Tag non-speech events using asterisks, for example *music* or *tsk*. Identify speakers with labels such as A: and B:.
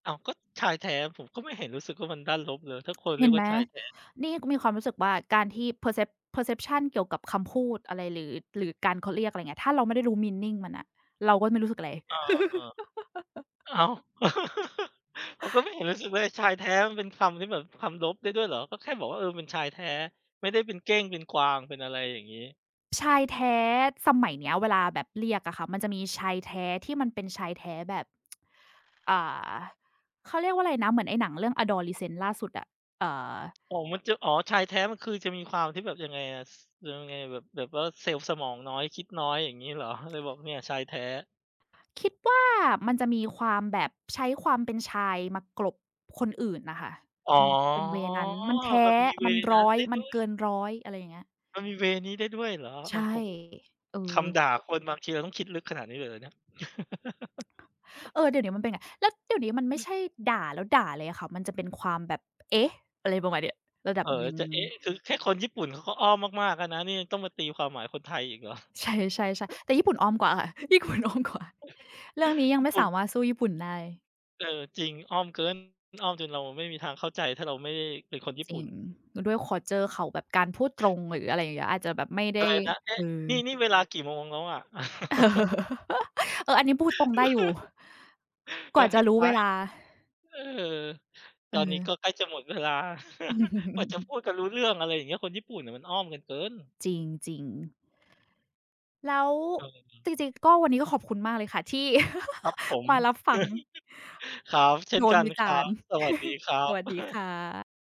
A: อ้าว ก็ชายแท้ ผมก็ไม่เห็นรู้สึกว่ามันด้านลบเลย ถ้าคนเ
B: เ
A: รี
B: ห็
A: ย
B: น
A: กว
B: ไ
A: ่
B: ห
A: า
B: ม
A: ชายแท้
B: นี่ก็มีความรู้สึกว่า การที่ percept perception เกี่ยวกับคำพูดอะไร หรือ หรือการ เขาเรียก อะไรเงี้ย ถ้าเราไม่ได้รู้ meaning มันน่ะ เราก็ไม่รู้สึกอะไร
A: อ้อ เออ
B: *laughs*
A: อ้าว *chuckles* ผมก็ไม
B: *gasps*
A: ่เห็นรู้สึกว่า ไอ้ชายแท้มันเป็นคำที่แบบ คำลบได้ด้วยเหรอ? ก็แค่บอกว่า เออ เป็นชายแท้ ไม่ได้เป็นเก้งเป็นกวาง เป็นอะไรอย่างงี้
B: ชายแท้ สมัยเนี้ยเวลาแบบเรียกอะค่ะ มันจะมีชายแท้ ที่มันเป็นชายแท้แบบ *tsk* อ่า เขาเรียกว่าไรนะ เหมือนไอ้หนังเรื่อง Adolescence ล่าสุดอะ? เอ่อ
A: อ๋อ มันจะ อ๋อ ชายแท้มันคือจะมีความที่แบบ ยังไงอะ ซ ย ยังไง แบบ แบบว่าเซลล์สมองน้อย คิดน้อย อย่างงี้เหรอ? เลยบอกเนี่ยชายแท้
B: คิดว่ามันจะมีความแบบ ใช้ความเป็นชายมากลบคนอื่นน่ะค่ะ
A: อ๋อ
B: เป็น เป็น เวย์ นั้น มันแท้
A: มันมี เว
B: มัน
A: ย์
B: ร
A: นั้น
B: ้อย
A: ได้
B: มั
A: ด
B: น
A: ้ว
B: เ
A: ย
B: กินร้อย อะไรอย่างเงี้ย
A: มันมี เวย์ นี้ได้ด้วยเหรอ?
B: ใ
A: โ
B: ช
A: อ
B: ่
A: ้โฮ
B: เอ
A: ค
B: อ
A: ำด่าคน บางทีเราต้องคิดลึกขนาดนี้เลยเหรอเนี่ย? *laughs*
B: เออ เดี๋ยวเนี้ยมันเป็นเงี้ย แล้วเดี๋ยวนี้มันไม่ใช่ด่าแล้วด่าเลยอะค่ะ มันจะเป็นความแบบ เอ๊ะ อะไรประมาณเนี้ย ระดั
A: เอ
B: บ
A: ่อ
B: หน
A: แล
B: ึ
A: ้
B: ่
A: ว
B: ง
A: จะเอ๊ะ อือ คือแค่คนญี่ปุ่นเขาก็อ้อมมาก ๆ แล้วนะ นี่ยังต้องมาตีความหมายคนไทยอีก เหรอ?
B: ใช่เลย ใช่ ๆ แต่ญี่ปุ่นอ้อมกว่าค่ะ ญี่ปุ่นอ้อมกว่า
A: *chuckles*
B: เรื่องนี้ยั
A: ญ
B: ง
A: ี
B: ไ
A: ่
B: ม่
A: ปุ
B: ส
A: ่น
B: ามารถสู้ญี่ปุ่นได้
A: เออ จริง อ้อมเกิน มันอ้อมจนเราไม่มีทางเข้าใจ ถ้าเราไม่ได้เป็นคนญี่
B: จ
A: ป
B: ร
A: ุ
B: ิ
A: ่น
B: ง แล้วด้วย คัลเชอร์ เขาแบบการพูดตรง หรืออะไรอย่างเงี้ย อาจจะแบบไม่ได
A: อะ
B: ้
A: ไรนะ เอ๊
B: เอ
A: ะ
B: อ
A: นี่ นี่เวลากี่โมงแล้วอะ?
B: เอ
A: *giggles*
B: อ อันนี้พูดตรงได้อยู่
A: *laughs* เอ
B: ก
A: อ
B: ว่า
A: ใ
B: จ
A: ห้
B: ะร
A: ท
B: ู้
A: า
B: เว
A: ย
B: ลา
A: เออ ตอนนี้ก
B: เออ
A: ็ใกล้จะหมดเวลา *chuckles* กว่าจะพู
B: *chuckles*
A: ดกันรู้เรื่อง อะไรอย่างเงี้ย คนญี่ปุ่นน่ะมันอ้อมกันเกิน
B: จริง ๆ แล้ว
A: เออ
B: จริง ๆ ก็ วันนี้ก็ขอบคุณมากเลยค่ะที่
A: ครับผม
B: *giggles* มารับฟัง
A: *chuckles* ครับ เช่
B: โด
A: นก
B: น
A: ัน
B: วิจ
A: ครั
B: ารณ
A: บ
B: ์
A: สวัสดี
B: *chuckles*
A: ครั
B: ส
A: บ
B: วัสดีค่
A: *chuckles*
B: ะ